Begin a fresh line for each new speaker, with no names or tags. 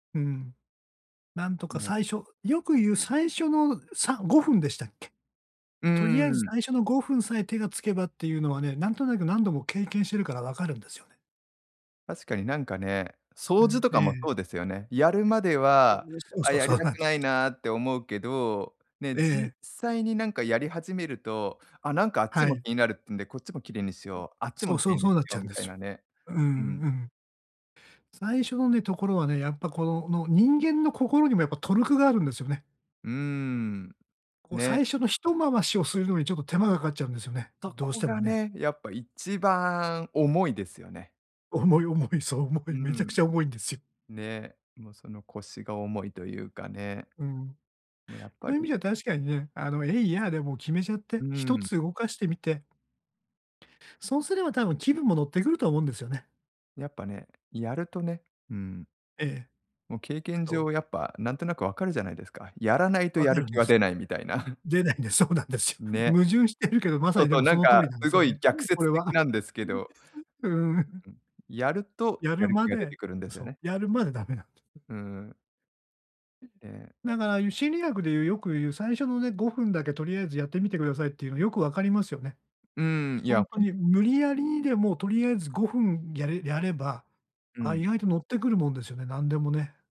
うん。なんとか、
ね。
最初よくゆう最初の、ん、さ5分でしたっけ？
うー
とりあえず
ん。
最初の5分さえ手がつけばってゆうのはね、なんとなく何度も経験してるから分かるんですよね。
確かになんかね、
う
掃除
ん、
とか
え
も
え。
そうですよね。やるまで
そう
は、
ね、そう
「あ、
そう、
や
そ
り
う
た
なん
く
ちゅ
ないな」って思うけど、ね、
ええ、
実
え。
際になんかやり始めると、「あ、なんかあっち
は
も
い。
気になる」ってんで、「こっちも綺麗にしよう、あっち
そ
も
う
綺
そう、
麗
そ
にし
うなっち
よ
ゃ
う」
うん
み
で
たい
すよ。
なね。
うんう
う
ん、
ん。
うん。最初のね、ところはね、やっぱこのの、人間の心にもやっぱトルクがあるんですよね。
うーん、
こう
ね。
最初のひと回しをするのにちょっと手間がかかっちゃうんですよね。
そ
どうし
こ
ても
が
ね。
ね、やっぱ一番重いですよね。
重い重い、そう重
う
い、めちゃく
ん。
ちゃ重いんですよ。
ね、も、その、腰が重いというかね。
うん。
も、やっぱ
そういう意味
り
では確かにね、あの、えいやでもう決めちゃっ
う
て、ひと
ん。
つ動かしてみてそうすれば多分気分も乗ってくると思うんですよね。
やっぱね、やるとね、うん。
ええ。
も、経験
どう？
上やっぱ、なんとなく分かるじゃないですか。やらないとや
分か
る
るん
気
で
は
す。
出ないみたいな。
出ないんです、そうなんですよ。
ね。
矛盾してるけど、まさ
そう、
にで
そう、
も
な
そ
ん
の通
か、
りなんで
す
すよ
ごい
ね。
逆
これ
説的
は。
なんですけど。
うん。
ううん、やると、
や
や
る
る
ま
気が出
で、
てくるんですよ
そ
ね。
う、やるまでダメなん
うーん。ええ。
だから、ゆう心理学でゆう、よくゆう、最初のね、5分だけとりあえずやってみてくださいっていうの、よくわかりますよね。
うーん、いや、
本当
ほん
に無理やりにでもとりあえず5分やれやれば、
う
あ、
ん。
意外と乗ってくるもんですよね、なんでもね。